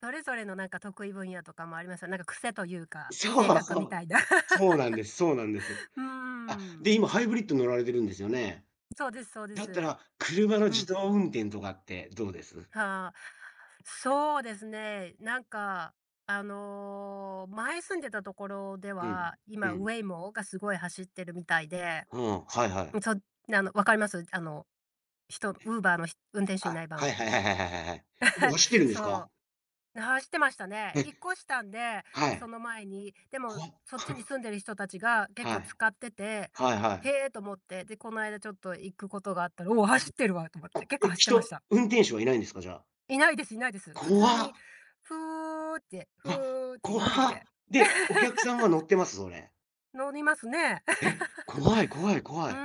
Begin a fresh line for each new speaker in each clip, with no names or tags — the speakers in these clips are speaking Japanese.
それぞれのなんか得意分野とかもありますよね。なんか癖と言うか、
そ
性
う
格
そ
みた
う。
いだ。
そうなんですそうなんです。
うー
あ、
ん。
で、今ハイブリッド乗られているんですよね。
そうですそうで
だった
す。
ら、車の
う
自
ん。
動運転とかってどうです？
はあ。そうですね、なんか、あの、前住んでた所で
うん、
は、
う
今
ん。
Waymo が凄い走ってるみたいで。
ほん。はいは
う
い。
ん、そう、なあの、分かります？あの、人 Uber のひ運転手いな
あ、
い
は
版。
いはいはいはいはいはいはい。もう 走ってるんです
そ
か？
う。な走ってましたね。
え。
引っ越したんで、
は
そ
い。
の前に。でも、
怖。
そっちに 住んでる人達が、結
は
構
い。
使ってて、
はいは
「へ
い。
え」と思って、で、この間ちょっと行く事があったら、「おお、走ってるわ」と思っ
[unintelligible] お、
て、結構
え、
走ってまし
人
た。
運転手はいないんですか？じゃあ。
いないですいないです。普通に
怖。
フーって
うわ、
フーって寄ってき
怖、
て。
で、お客さんが乗 っています？それ。
乗りますね。
え、怖い怖い 怖
ふ
い。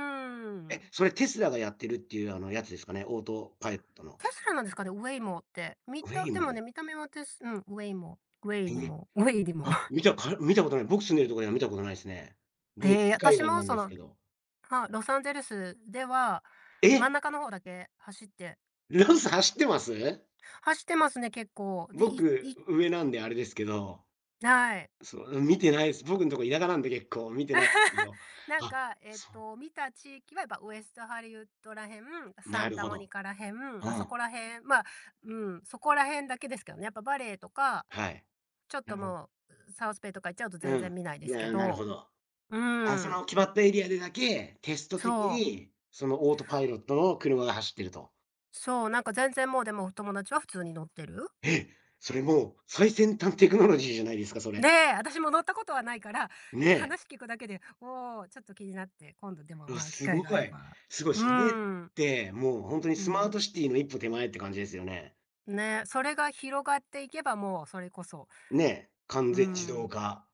え、それ Tesla がやってるって言うあの、やつですかね。オートパイットの。
確かなんですかね、Waymo って。見たでもね、
Waymo。
見た目はテスうん、Waymo、ウェイに、モウェイに、モ。
あ、見たか見たことない。僕住んでる所では見たことないすね。僕し
へえ、
海
私
岸
も
なん
そ
です
の、
けど。
はあ、ロサンゼルスでは、
え
真ん
っ！
中の方だけ走って
ロス走ってます？
走ってますね、結構。で、い
僕、
い
う上なんであれですけど。
ない。
そう、見てないです。僕んとこ田舎なんで結構、見てない け ど。
なん
あ、
か、えっ
そう。
と、見た地域は、やっぱウエストハリウッドら辺、サ
な
ン
る
タ
ほ
モニ
ど。
カら辺、
う
あそこ
ん。
ら辺、まあ、うん、そこら辺だけですけどね、やっぱバレーとか、
はい。
ちょっと もう、うサウスベイとか行っちゃうと全
う
然
ん、
見ないで
い
すけ
や、なる
ど。
ほど。
う
あ、
ー
そ
ん。
の決まったエリアでだけ、テスト的
そう。
に、そのオートパイロットの車が走っていると。
そう、なんか全然もう、でも友達は普通に乗ってる。
え、それもう最先端テクノロジーじゃないですか、そ
で、
れ。
私も乗った事はないから、
ね。
話聞くだけで、おお、ちょっと気になって、今度でも、
あ、
まあ、機会
凄
があれ
い。
ば。
凄い、
うー
それ
ん。
って、もうほんとに
う
スマー
ん。
トシティの一歩手前って感じですよね。
ね、それが広がっていけば、もうそれこそ。
ね、完
うー
全自動
ん。
化。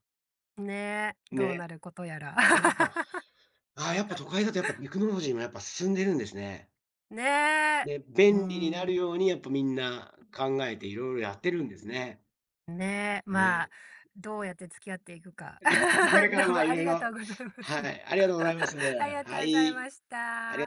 ね、どう
ね。
なることやら。
え、やっぱああ、やっぱ都会だと、やっぱテクノロジーも、やっぱ進んでるんですね。
ねえ、
ね、
うー
便利になる
ん。
ように、やっぱ皆考えて色々やってるんですね。
ん、ね、ま
ね。
あ、どうやって付き合っていくか。
こ れか
ど
ら、
う
ま
も
あ、
あ
色
りが
々
とうございます。
はい、ありがとうございます。は
ありがとうござい
い。
まし
ありが
た。